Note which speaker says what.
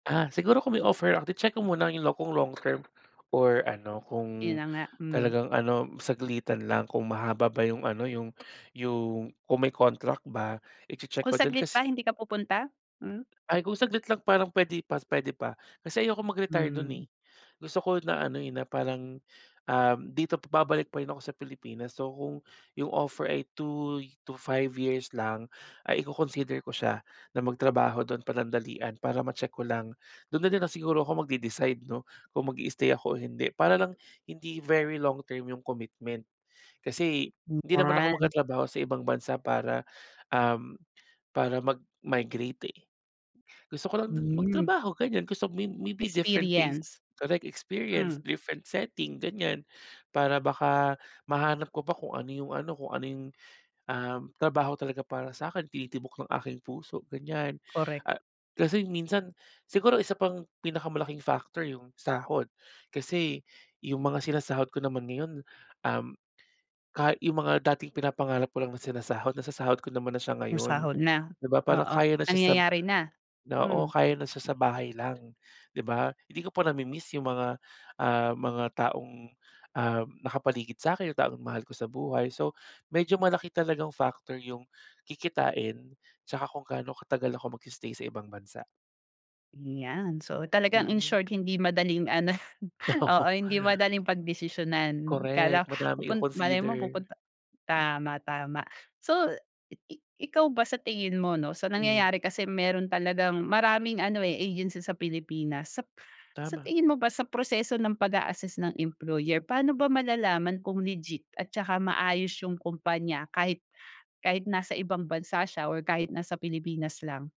Speaker 1: Ah, siguro kung may offer, ah, di check ko muna yung lo kung long term or ano
Speaker 2: Yun
Speaker 1: kung
Speaker 2: na nga, hmm.
Speaker 1: talagang ano saglitan lang kung mahaba ba yung ano yung yung kung may contract ba i-che-check ko
Speaker 2: Kung
Speaker 1: din
Speaker 2: saglit
Speaker 1: kas
Speaker 2: pa hindi ka pupunta? Hmm.
Speaker 1: Ay, kung saglit lang parang pwede pa pwede pa. Kasi ayokong mag-retire dun,
Speaker 2: Hmm.
Speaker 1: eh. Gusto ko na ano, eh, na parang, um, dito pa babalik pa rin ako sa Pilipinas. So, kung yung offer ay 2 y to 5 years lang ay iko-consider ko siya na magtrabaho do'n panandalian para ma-check ko lang. Do'n na din lang siguro ako magde-decide, 'no, kung mag-i-stay ako o hindi para lang hindi very long term yung commitment. Kasi
Speaker 2: Hmm,
Speaker 1: hindi naman ako
Speaker 2: yan.
Speaker 1: magtatrabaho sa ibang bansa para, um, para mag-migrate, eh. Gusto ko lang do'n
Speaker 2: Hmm.
Speaker 1: magtrabaho, ganyan. Gusto may maybe different place,
Speaker 2: Experience,
Speaker 1: correct
Speaker 2: hmm.
Speaker 1: experience, different setting, ganyan. Para baka mahanap ko pa kung ano yung ano, kung ano yung, um, trabaho talaga para sa'kin tinitibok ng aking puso, ganyan.
Speaker 2: Korek.
Speaker 1: Ah, kasi minsan siguro isa pang pinakamalaking factor yung sahod. Kasi yung mga sinasahod ko naman ngayon, um, ka yung mga dating pinapangarap ko lang sinasahod nasasahod ko naman na siya ngayon.
Speaker 2: Masahol na,
Speaker 1: 'Di ba, parang
Speaker 2: oo,
Speaker 1: kaya na siya sab
Speaker 2: nangyayari na.
Speaker 1: na o na
Speaker 2: Hmm.
Speaker 1: kaya na sa sa bahay lang, 'di ba? Hindi ko pa nami-miss yung mga, ah, mga taong, um, nakapaligid sa'kin, taong mahal ko sa buhay. So, medyo malaki talagang factor yung kikitain tsaka kung gaano katagal ako mag-i-stay sa ibang bansa
Speaker 2: Ayan. So, talagang in
Speaker 1: Mm.
Speaker 2: short hindi madaling ano, oo,
Speaker 1: Oo.
Speaker 2: hindi madaling pagdesisyonan.
Speaker 1: Korek,
Speaker 2: Kala
Speaker 1: madami
Speaker 2: pupun malay
Speaker 1: i-consider.
Speaker 2: mo pupunta tama tama. So, i i ikaw ba sa tingin mo, 'no, sa
Speaker 1: Mm.
Speaker 2: nangyayari kasi meron talagang maraming ano, eh, agency sa Pilipinas sap sa
Speaker 1: Tama.
Speaker 2: tingin mo ba sa proseso ng pag-a-assist ng employer paano ba malalaman kung legit at saka maayos yung kumpanya kahit kahit nasa ibang bansa siya or kahit nasa Pilipinas lang?